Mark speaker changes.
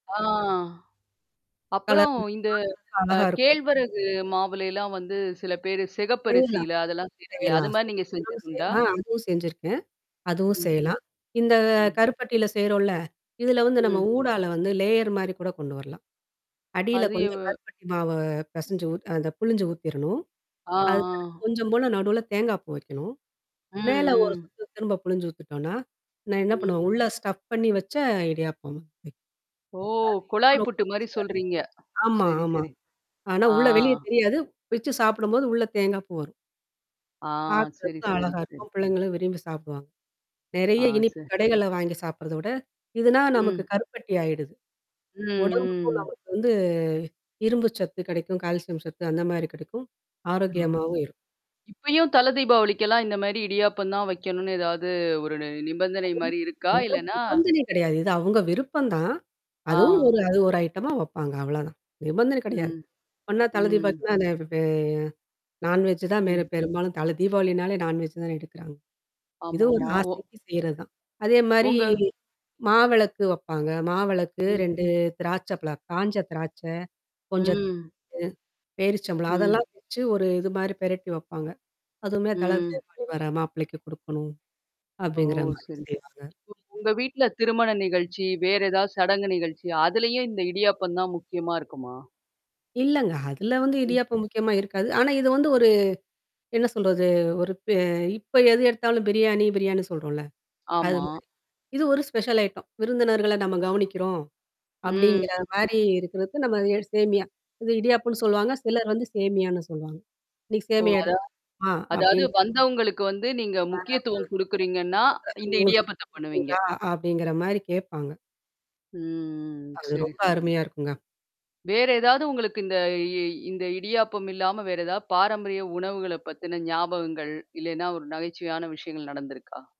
Speaker 1: ஆ.
Speaker 2: Colour
Speaker 1: அப்புறம்
Speaker 2: [unintelligible] பாக்கறதுக்கு
Speaker 1: இந்த அ
Speaker 2: அழகா இருக்கும்.
Speaker 1: கேழ்வரகு மாவுலல்லாம் வந்து சிலபேரு
Speaker 2: [unintelligible] செய்யலாம்,
Speaker 1: சிகப்பரிசில அதெல்லாம் செய்றாங்களே? அது
Speaker 2: செய்யலாம்.
Speaker 1: மாரி நீங்க செஞ்சது
Speaker 2: [unintelligible]
Speaker 1: உண்டா?
Speaker 2: ஆ அதுவும் செஞ்சிருக்கேன். அதுவும்
Speaker 1: ம்.
Speaker 2: செய்யலாம். இந்த
Speaker 1: ம்.
Speaker 2: கருப்பட்டியில செய்றோம்ல, இதுல வந்து நம்ம
Speaker 1: ம்.
Speaker 2: ஊடால வந்து லேயர் மாரி கூட கொண்டு வரலாம். அடியில
Speaker 1: அது எவ
Speaker 2: கொஞ்சம் கருப்பட்டி மாவ பெசஞ்சு ஊ அந்த புழிஞ்சு ஊத்திரணும்.
Speaker 1: ஆ,
Speaker 2: அதுக்கடுத்து
Speaker 1: ஆ.
Speaker 2: கொஞ்சம் போல நடுவுல தேங்காய் பூ வைக்கணும்.
Speaker 1: ம்,
Speaker 2: மேல ஒரு
Speaker 1: ம்.
Speaker 2: திரும்ப புழிஞ்சு ஊத்துட்டோனா, நான் என்ன
Speaker 1: ம்.
Speaker 2: பண்ணுவேன். உள்ள ஸ்டப் பண்ணி வச்ச இடியாப்பம். அது
Speaker 1: ஓ!
Speaker 2: இன்னும்
Speaker 1: குழாய்
Speaker 2: ரொம்ப
Speaker 1: புட்டு மாரி
Speaker 2: ருசியா
Speaker 1: சொல்றீங்க.
Speaker 2: இருக்கும். ஆமா,
Speaker 1: சரி,
Speaker 2: ஆமா.
Speaker 1: சரி.
Speaker 2: ஆனா
Speaker 1: ஆ.
Speaker 2: உள்ள வெளியே தெரியாது. வச்சு சாப்பிடும்போது உள்ள தேங்காய் பூ வரும்.
Speaker 1: ஆ. சரி,
Speaker 2: பாக்கறதுக்கும்
Speaker 1: சரி,
Speaker 2: அழகா
Speaker 1: சரி.
Speaker 2: இருக்கும். பிள்ளைங்களும் விரும்பி சாப்பிடுவாங்க.
Speaker 1: ஆ
Speaker 2: நெறைய இனிப்பு
Speaker 1: ச
Speaker 2: கடைகள்ல வாங்கி சாப்பிறதோட, இதுனா நமக்கு
Speaker 1: ம்.
Speaker 2: கருப்பட்டி ஆயிடுது.
Speaker 1: ம்,
Speaker 2: உடம்புக்கும்
Speaker 1: ம்.
Speaker 2: நமக்கு வந்து இரும்பு சத்து கிடைக்கும், கால்சியம் சத்து அந்த மாரி கிடைக்கும். ஆரோக்கியமாவும் இருக்கும்.
Speaker 1: இப்பயும் தலதீபாவளிக்கெல்லாம் இந்த மாரி இடியாப்பம் தான் வைக்கணும்னு ஏதாவது ஒரு நிபந்தனை
Speaker 2: அதுவும்.
Speaker 1: மாரி இருக்கா?
Speaker 2: எந்த
Speaker 1: இல்லன்னா?
Speaker 2: நிபந்தனையும் கிடையாது. இது அவங்க விருப்பம் தான்? அதுவும்
Speaker 1: ஆ.
Speaker 2: ஒரு அது ஒரு ஐட்டமா வைப்பாங்க. அவ்ளோதான். நிபந்தனை கிடையாது.
Speaker 1: ம்.
Speaker 2: ஒண்ணா [unintelligible]
Speaker 1: ம்.
Speaker 2: பார்க்கன்னா அத நான்வெஜ் தான் மேல
Speaker 1: ம்.
Speaker 2: பெரும்பாலும் தல தீபாவளினாலே நான்வெஜ் தான எடுக்குறாங்க. இது ஒரு
Speaker 1: ஆமாமா. ஒ.
Speaker 2: ஆசைக்கு செய்றதுதான். அதே மாரி.
Speaker 1: உங்க
Speaker 2: மாவெளக்கு வப்பாங்க. மாவெளக்கு
Speaker 1: ம்.
Speaker 2: 2 திராட்ச பழா, காஞ்ச திராட்சை. கொஞ்சத்
Speaker 1: ம்.
Speaker 2: அ பேரிச்சம்ளம்.
Speaker 1: ம்.
Speaker 2: அதெல்லாம் வச்சு ஒரு இது மாரி பிரட்டி வப்பாங்க. அதுவுமே தல
Speaker 1: ம்.
Speaker 2: தீவாளி வர மாப்பிளைக்கு குடுக்கணும்.
Speaker 1: ஓ!
Speaker 2: அப்படிங்கிற மாரி
Speaker 1: சரி.
Speaker 2: செய்வாங்க.
Speaker 1: உங்க வீட்ல திருமண நிகழ்ச்சி, வேற ஏதாவது சடங்கு நிகழ்ச்சி. அதுலயே இந்த இடியாப்பம் தான் முக்கியமா இருக்குமா?
Speaker 2: இல்லங்க அதுல வந்து
Speaker 1: ம்.
Speaker 2: இடியாப்பம் முக்கியமா இருக்காது. ஆனா இது வந்து ஒரு என்ன சொல்றது? ஒரு ப இப்ப எது எடுத்தாலும் பிரியாணி, பிரியாணின் சொல்றோம்ல? அது
Speaker 1: ஆமா.
Speaker 2: மாரி. இது ஒரு ஸ்பெஷல் ஐட்டம். விருந்தினர்கள நம்ம கவனிக்கிறோம். அப்படிங்கிற
Speaker 1: ம்.
Speaker 2: மாரி இருக்கிறது நம்ம சேமியா. இது இடியாப்போன்னு சொல்லுவாங்க. சிலர் வந்து சேமியான்னு சொல்வாங்க. நீ
Speaker 1: ஓ!
Speaker 2: சேமியமா
Speaker 1: அதான்.
Speaker 2: எடுத்துப்போமா. ஆ
Speaker 1: அதாவது
Speaker 2: அப்டின்
Speaker 1: வந்தவங்களுக்கு வந்து நீங்க
Speaker 2: ஆ.
Speaker 1: முக்கியத்துவம் குடுக்குறீங்கன்னா, இந்த இடியாபத்த பண்ணுவீங்க.
Speaker 2: [unintelligible] அப்படிங்கிற மாரி கேட்பாங்க.
Speaker 1: ம். ம்.
Speaker 2: அது
Speaker 1: சரி,
Speaker 2: ரொம்ப
Speaker 1: சரி.
Speaker 2: அருமையா இருக்குங்க.
Speaker 1: வேற ஏதாவது உங்களுக்கு இந்த இ இந்த இடியாப்பம் இல்லாம வேற ஏதாவது பாரம்பரிய உணவுகள பத்தின ஞாபகங்கள், இல்லன்னா ஒரு நகைச்சுவையான விஷயங்கள் நடந்திருக்கா?